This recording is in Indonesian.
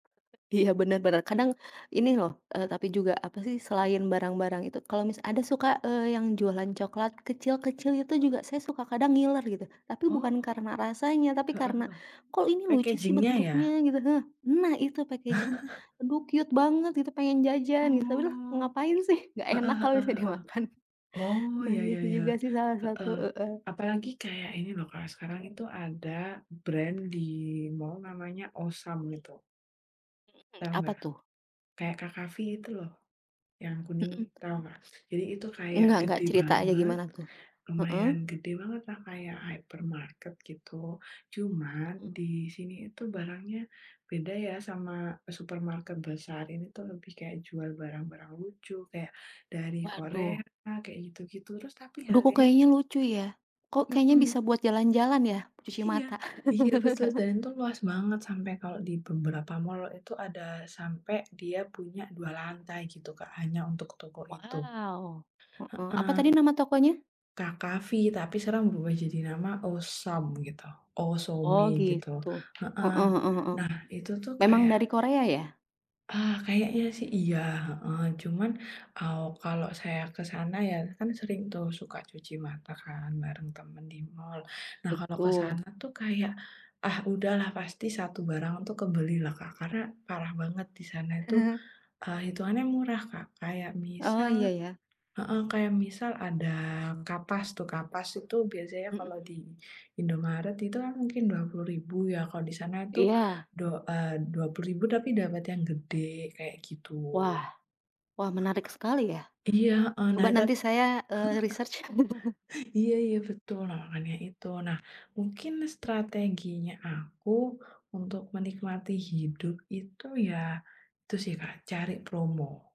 Iya, benar-benar. Kadang, ini loh, e tapi juga apa sih, selain barang-barang itu, kalau misa ada suka, e yang jualan coklat kecil-kecil, itu juga saya suka kadang ngiler, gitu. Tapi bukan Oh, karena rasanya, tapi heeh karena, heeh, "Kok ini lucu sih packaging nya ya? bentuknya?" gitu nah. "Nah, itu packaging nya aduh cute banget," gitu. "pengen jajan," gitu "tapi lah, Oh, ngapain sih, enggak enak heeh kalau heeh misalnya heeh. dimakan." Oh Nah, ya ya gitu ya, juga sih salah satu heeh. heeh. Apalagi kayak ini loh Kak, sekarang itu ada brand di mall namanya OH! SOME gitu. Mhm mhm, Tahu apa enggak? tuh? Kayak KKV itu loh. Yang kuning Mhm. tahu nggak? Jadi itu kayak Enggak enggak, gede cerita aja banget, gimana tuh? lumayan Heeh? gede banget lah, kayak Hypermarket gitu. Cuman Mhm. di sini itu barangnya beda ya sama supermarket besar. Ini tuh, lebih kayak jual barang-barang lucu kayak dari Korea Waduh. kayak gitu-gitu, terus tapi Duh, kok harganya kayaknya lucu ya? Kok kayaknya bisa Mhm. buat jalan-jalan ya, cuci Iya mata. iya betul dan itu luas banget sampe kalau di beberapa mall itu ada sampe dia punya 2 lantai gitu Kak, hanya untuk toko itu. Waw, heeh, Heeh. apa tadi nama tokonya? KKV tapi sekarang berubah jadi nama OH! SOME gitu. OH! Oh SOME gitu gitu, heeh. heeh heeh heeh. Nah, itu tuh Memang dari kayak Korea ya? Ah, kayaknya sih iya, heeh. Cuman aw kalau saya ke sana, ya kan sering tuh suka cuci mata kan bareng temen di mall. Nah, kalau ke Betul. sana tuh kayak, ah udahlah pasti 1 barang tuh kebeli lah Kak, karena parah banget di sana itu, e hitungannya murah, Kak. Kayak Oh, misal iya ya. heeh, kayak misal ada kapas itu kapas itu biasanya kalau di Mhm. Indomaret itu kan mungkin Rp 20.000 ya. Kalau di sana itu Iya. do eee, Rp 20.000 tapi dapat yang gede kayak gitu. Wah, wah, menarik sekali ya. Heeh, iya heeh. Nah Coba itat nanti saya, e research. iya iya betul, nah makanya itu. Nah, mungkin strateginya aku untuk menikmati hidup itu ya, itu sih Kak cari promo.